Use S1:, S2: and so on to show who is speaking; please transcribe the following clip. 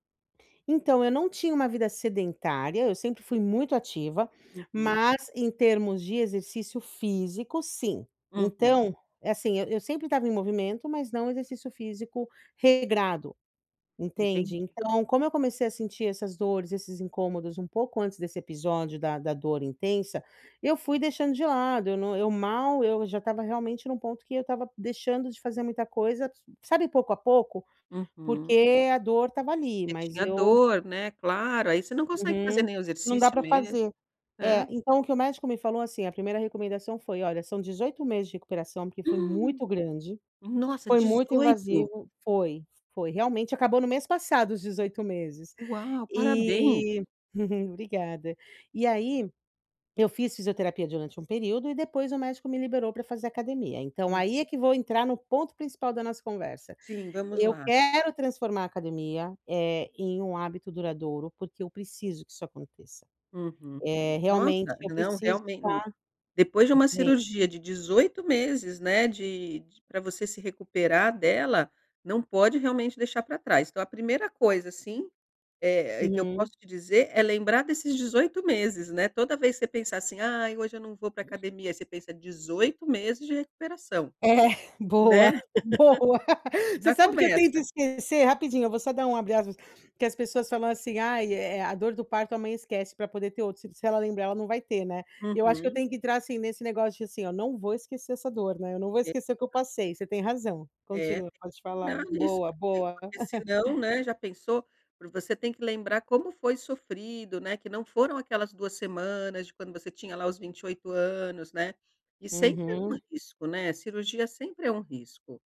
S1: Então eu não tinha uma vida sedentária, eu sempre fui muito ativa,
S2: Uhum.
S1: mas em termos de exercício físico, sim,
S2: Uhum.
S1: então, é assim, eu eu sempre estava em movimento, mas não exercício físico regrado,
S2: Entendi.
S1: entende. Então como eu comecei a sentir essas dores, esses incômodos um pouco antes desse episódio da da dor intensa, eu fui deixando de lado, eu não eu mal, eu já estava realmente num ponto que eu estava deixando de fazer muita coisa, s sabe, pouco a pouco,
S2: Uhum.
S1: porque a dor estava ali,
S2: Você
S1: mas
S2: tinha
S1: eu
S2: dor, né, claro, aí você não consegue fazer
S1: Uhum,
S2: nenhum
S1: não dá
S2: exercício
S1: para
S2: mesmo,
S1: fazer.
S2: é.
S1: É, então o que o médico me falou assim, a primeira recomendação foi: "Olha, são 18 meses de recuperação, porque foi
S2: Hum,
S1: muito grande,
S2: nossa,
S1: foi muito
S2: 18.
S1: invasivo", foi foi realmente, acabou no mês passado os 18 meses,
S2: Uau, parabéns!
S1: e obrigada. E aí, eu fiz fisioterapia durante um período e depois o médico me liberou pra fazer academia, então
S2: Hum.
S1: aí é que vou entrar no ponto principal da nossa conversa,
S2: Sim, vamos
S1: eu
S2: lá.
S1: quero transformar a academia, eh, em um hábito duradouro, porque eu preciso que isso aconteça,
S2: Uhum.
S1: eh, realmente
S2: Nossa,
S1: eu
S2: não,
S1: preciso
S2: realmente, hum,
S1: estar
S2: depois de uma
S1: bem.
S2: cirurgia de 18 meses, né, de d pra você se recuperar dela, não pode realmente deixar pra trás. Então a primeira coisa, assim, eh, e que eu
S1: Uhum.
S2: posso te dizer é lembrar desses 18 meses, né. Toda vez que você pensar assim: "Ai, hoje eu não vou pra academia", você pensa: 18 meses de recuperação,
S1: É,
S2: né,
S1: boa, boa. Você
S2: já
S1: sabe que eu tento
S2: começa.
S1: esquecer rapidinho, eu vou só dar um abre aspas, porque as pessoas falam assim: "Ai, eh, a dor do parto, a mãe esquece pra poder ter outro, se se ela lembrar ela não vai ter, né." E eu acho que eu
S2: Uhum.
S1: tenho que entrar, assim, nesse negócio de assim, ó, não vou esquecer essa dor, né, eu não vou esquecer o que eu
S2: [unintelligible]
S1: passei. Você tem razão.
S2: É,
S1: Continua,
S2: tem que
S1: pode falar,
S2: cuidar disso,
S1: boa,
S2: porque
S1: boa.
S2: porque senão, né, já pensou, você tem que lembrar como foi sofrido, né, que não foram aquelas 2 semanas de quando você tinha lá os 28 anos, né, e sempre é um
S1: Uhum.
S2: risco, né, cirurgia sempre é um risco.